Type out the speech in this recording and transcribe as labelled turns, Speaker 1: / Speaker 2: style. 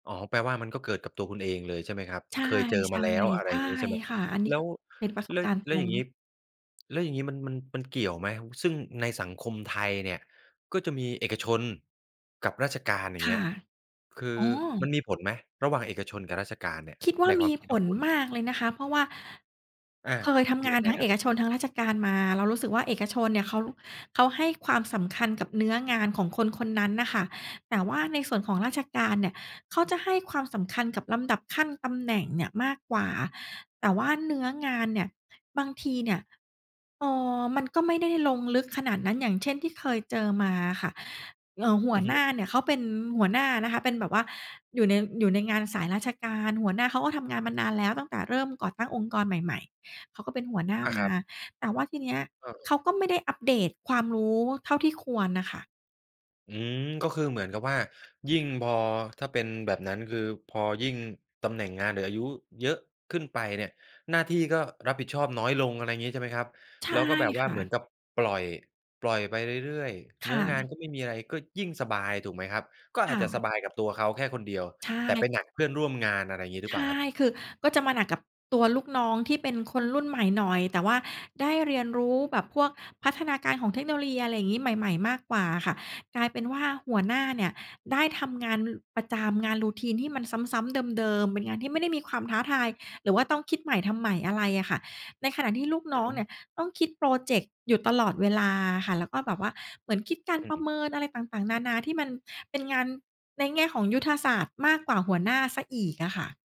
Speaker 1: อ๋อ แปลว่ามันก็เกิดกับตัวคุณเองเลย ใช่ไหมครับ
Speaker 2: ใช่
Speaker 1: เคยเจอ
Speaker 2: ๆ
Speaker 1: มาแล้ว อะไร
Speaker 2: ใช
Speaker 1: อ
Speaker 2: ่
Speaker 1: ย่างงี้ใช่ไหม
Speaker 2: ค่ะ อันนี
Speaker 1: แ
Speaker 2: ้
Speaker 1: ล้
Speaker 2: ก็
Speaker 1: ว
Speaker 2: เป็นประส
Speaker 1: ล
Speaker 2: บการณ์
Speaker 1: แ
Speaker 2: ต
Speaker 1: ล้
Speaker 2: ร
Speaker 1: วอย่
Speaker 2: ง
Speaker 1: างงี้ แล้วอย่างงี้มัน มัน มันเกี่ยวไหม ว ซึ่งในสังคมไทยเนี่ยก็จะมีเอกชนกับราชการ อย่
Speaker 2: ค
Speaker 1: างเง
Speaker 2: ่
Speaker 1: ี้
Speaker 2: ะ
Speaker 1: ย คือ
Speaker 2: อ๋
Speaker 1: ม
Speaker 2: อ
Speaker 1: ันมีผลไหมระหว่างเอกชนกับราชการเนี่ย
Speaker 2: คิดว่
Speaker 1: ใ
Speaker 2: า
Speaker 1: นค
Speaker 2: ม
Speaker 1: วา
Speaker 2: ี
Speaker 1: มคิด
Speaker 2: ผ
Speaker 1: ของ
Speaker 2: ล
Speaker 1: คุณ?
Speaker 2: มากเลยนะคะ เพราะว่า
Speaker 1: อา
Speaker 2: เคยทำง
Speaker 1: ย
Speaker 2: า
Speaker 1: ั
Speaker 2: น
Speaker 1: งไง
Speaker 2: ทั้ง
Speaker 1: ค
Speaker 2: เ
Speaker 1: ร
Speaker 2: อ
Speaker 1: ับ?
Speaker 2: กชนทั้งราชการมา เรารู้สึกว่าเอกชนเนี่ยเขา เขาให้ความสำคัญกับเนื้องานของคนคนนั้นน่ะค่ะ แต่ว่าในส่วนของราชการเนี่ยเขาจะให้ความสำคัญกับลำดับขั้นตำแหน่งเนี่ยมากกว่า แต่ว่าเนื้องานเนี่ยบางทีเนี่ย เอ่อ มันก็ไม่ได้ลงลึกขนาดนั้น อย่างเช่น ที่เคยเจอมาอะค่ะ เอ่อ หั
Speaker 1: อ
Speaker 2: ว
Speaker 1: ือฮ
Speaker 2: หน้า
Speaker 1: ึ
Speaker 2: เนี่ยเขาเป็นหัวหน้านะคะ เป็นแบบว่าอยู่ใน อยู่ในงานสายราชการ หัวหน้าเขาก็ทำงานมานานแล้วตั้งแต่เริ่มก่อตั้งองค์กรใหม่ ๆ เขาก็เป็นหัวหน้า
Speaker 1: อา
Speaker 2: ม
Speaker 1: คร
Speaker 2: า
Speaker 1: ับ
Speaker 2: แต่ว่าทีเนี้ย
Speaker 1: เอ
Speaker 2: เข
Speaker 1: อ ๆ
Speaker 2: าก็ไม่ได้อัปเดตความรู้เท่าที่ควรน่ะค่ะ
Speaker 1: อืม ก็คือเหมือนกับว่า ยิ่งพอถ้าเป็นแบบนั้น คือพอยิ่งตำแหน่งงาน หรืออายุเยอะขึ้นไปเนี่ย หน้าที่ก็รับผิดชอบน้อยลง อะไรอย่างงี้ใช่ไหมครับ
Speaker 2: ใช
Speaker 1: แ
Speaker 2: ่
Speaker 1: ล้วก็แบบ
Speaker 2: ค
Speaker 1: ว่า
Speaker 2: ่
Speaker 1: เหมือน
Speaker 2: ะ
Speaker 1: กับปล่อย ปล่อยไปเรื่อย ๆ เ
Speaker 2: ค
Speaker 1: นื้
Speaker 2: ่
Speaker 1: องา
Speaker 2: ะ
Speaker 1: นก็ไม่มีอะไร ก็ยิ่งสบาย ถูกไหมครับ ก็
Speaker 2: ค
Speaker 1: อา
Speaker 2: ่
Speaker 1: จจะส
Speaker 2: ะ
Speaker 1: บายกับตัวเขาแค่คนเดียว
Speaker 2: ใช
Speaker 1: แต่
Speaker 2: ่
Speaker 1: ไปหนักเพื่อนร่วมงาน อะไรอย่างงี้หรื
Speaker 2: ใ
Speaker 1: อ
Speaker 2: ช
Speaker 1: เปล่า
Speaker 2: ่
Speaker 1: ครับ?
Speaker 2: คือก็จะมาหนักกับตัวลูกน้องที่เป็นคนรุ่นใหม่หน่อย แต่ว่าได้เรียนรู้แบบพวกพัฒนาการของเทคโนโลยี อะไรอย่างงี้ใหม่ ๆ มากกว่าอะค่ะ กลายเป็นว่าหัวหน้าเนี่ยได้ทำงาน น ประจำ งาน Routine ที่มันซ้ำ ๆ เดิม ๆ เป็นงานที่ไม่ได้มีความท้าทาย หรือว่าต้องคิดใหม่ทำใหม่อะไรอะค่ะ ในขณะที่ลูกน
Speaker 1: อื
Speaker 2: ้อ
Speaker 1: อฮ
Speaker 2: งเนี
Speaker 1: ึ
Speaker 2: ่ยต้องคิดพรอเจกต์อยู่ตลอดเวลาอะค่ะ แล้วก็แบบว่าเหมือนคิดการ
Speaker 1: อื
Speaker 2: ประ
Speaker 1: ม
Speaker 2: เมินอะไรต่าง ๆ นานาที่มันเป็นงานในแง่ของยุทธศาสตร์ มากกว่าหัวหน้าเสียอีกอะค่ะ